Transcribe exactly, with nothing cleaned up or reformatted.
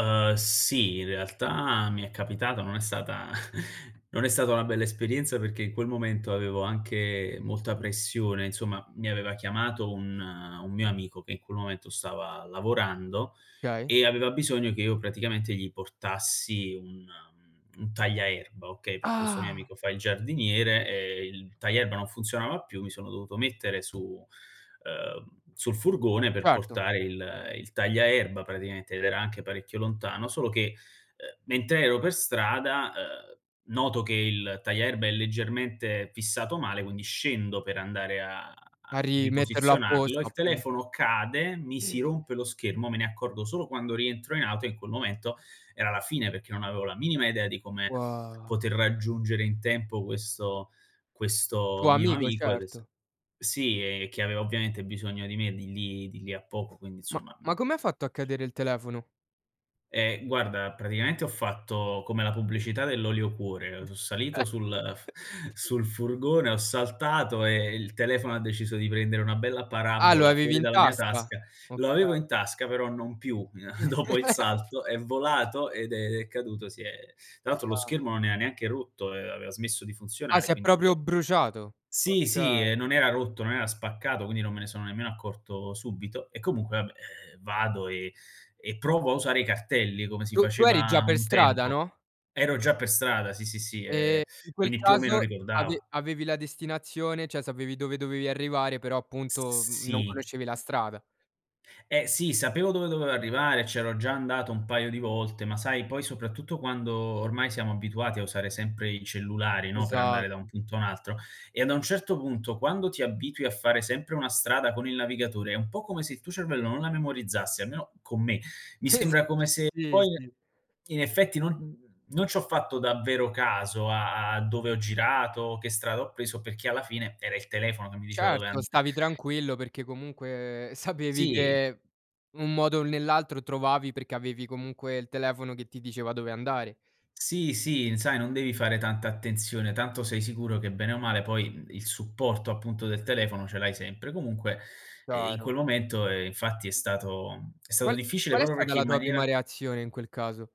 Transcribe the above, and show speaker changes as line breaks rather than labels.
Uhm, sì, in realtà, mi è capitato. Non è sata non è stata una bella esperienza perché, in quel momento, avevo anche molta pressione. Insomma, mi aveva chiamato un un mio amico che in quel momento stava lavorando
kay.
e aveva bisogno che io, praticamente, gli portassi un mhmm, un tagliaerba, okay, perché questo mio
Ah!
amico fa il giardiniere, e il tagliaerba non funzionava più. Mi sono dovuto mettere su uhm, sul furgone per
Certo.
portare il il tagliaerba, praticamente, ed era anche parecchio lontano. Solo che, uhm, mentre ero per strada, uhm, noto che il tagliaerba è leggermente fissato male, quindi scendo per andare a a
A rimetterlo
riposizionarlo,
apposto,
il
appunto.
telefono cade, mi si
[unintelligible]
rompe lo schermo, me ne accorgo solo quando rientro in auto e, in quel momento, era la fine peché non avevo la minima idea di come
Ua
poter raggiungere in tempo questo questo
Tuo
mio
amico,
amico ed è se
certo.
sì, ehm, che aveva ovviamente bisogno di me di lì di lì a poco, quindi,
Ma
insomma, mhmm
ma come ha fatto a cadere il telefono?
Ehm, guarda, praticamente ho fatto come la pubblicità dell'olio cuore. Ehm, so salito sul f sul furgone, ho saltato e il telefono ha deciso di prendere una bella
Ah, lo
parabola
avevi
fuori
in
dalla mia
tasca.
tasca. Lo avevo
Okay.
in tasca, però non più, n Dopo il salto è volato ed è è caduto, si è tra l'altro lo
Ah.
schermo non ea neanche rotto, ehm, aveva smesso di
Ah,
funzionare,
si è
quindi
proprio
io
bruciato.
Sì, sì, ehm,
Okay.
non era rotto, non era spaccato, quindi non me ne sono nemmeno accorto subito e, comunque, vabbè, ehm, vado e e provo a usare i cartelli come si
Tu tu eri già
faceva
per
un
strada,
tempo.
no?
Ero già per strada, sì, sì, sì,
Ehm,
ehm,
in quel
quindi, più o meno,
caso, ave
ricordavo.
avevi la destinazione ceh, sapevi dove dovevi arrivare, però,
S s
appunto, mhmm,
sì.
non conoscevi la strada.
Eh, sì, sapevo dove dovevo arrivare, e c'ero già andato un paio di volte, ma sai, poi, soprattutto quando ormai siamo abituati a usare sempre i cellulari, no, per andare da un
Esatto.
punto a un altro e a da un certo punto, quando ti abitui a fare sempre una strada con il navigatore, è un po' come se il tuo cervello non la memorizzasse, almeno con me. Mi sembra come se
Sì,
poi,
sì.
in effetti, non non c'ho fatto davvero caso a a a dove ho girato, che strada ho preso perché, alla fine, era il telefono che mi diceva dove an
Certo, stavi tranquillo perché, comunque, sapevi
Sì.
che, un modo o nell'altro, trovavi perché avevi, comunque, il telefono che ti diceva dove andare.
Sì, sì, sai non devi fare tanta attenzione. Tanto sei sicuro che, bene o male poi, mhmm, il supporto, appunto, del telefono ce l'hai sempre. Comunque, ehm, in
Chiaro.
quel momento, ehm, infatti è stato è stato
Qual
difficile
qual è
proprio
stata
perché
la
in
tua prima
maniera
reazione in quel caso?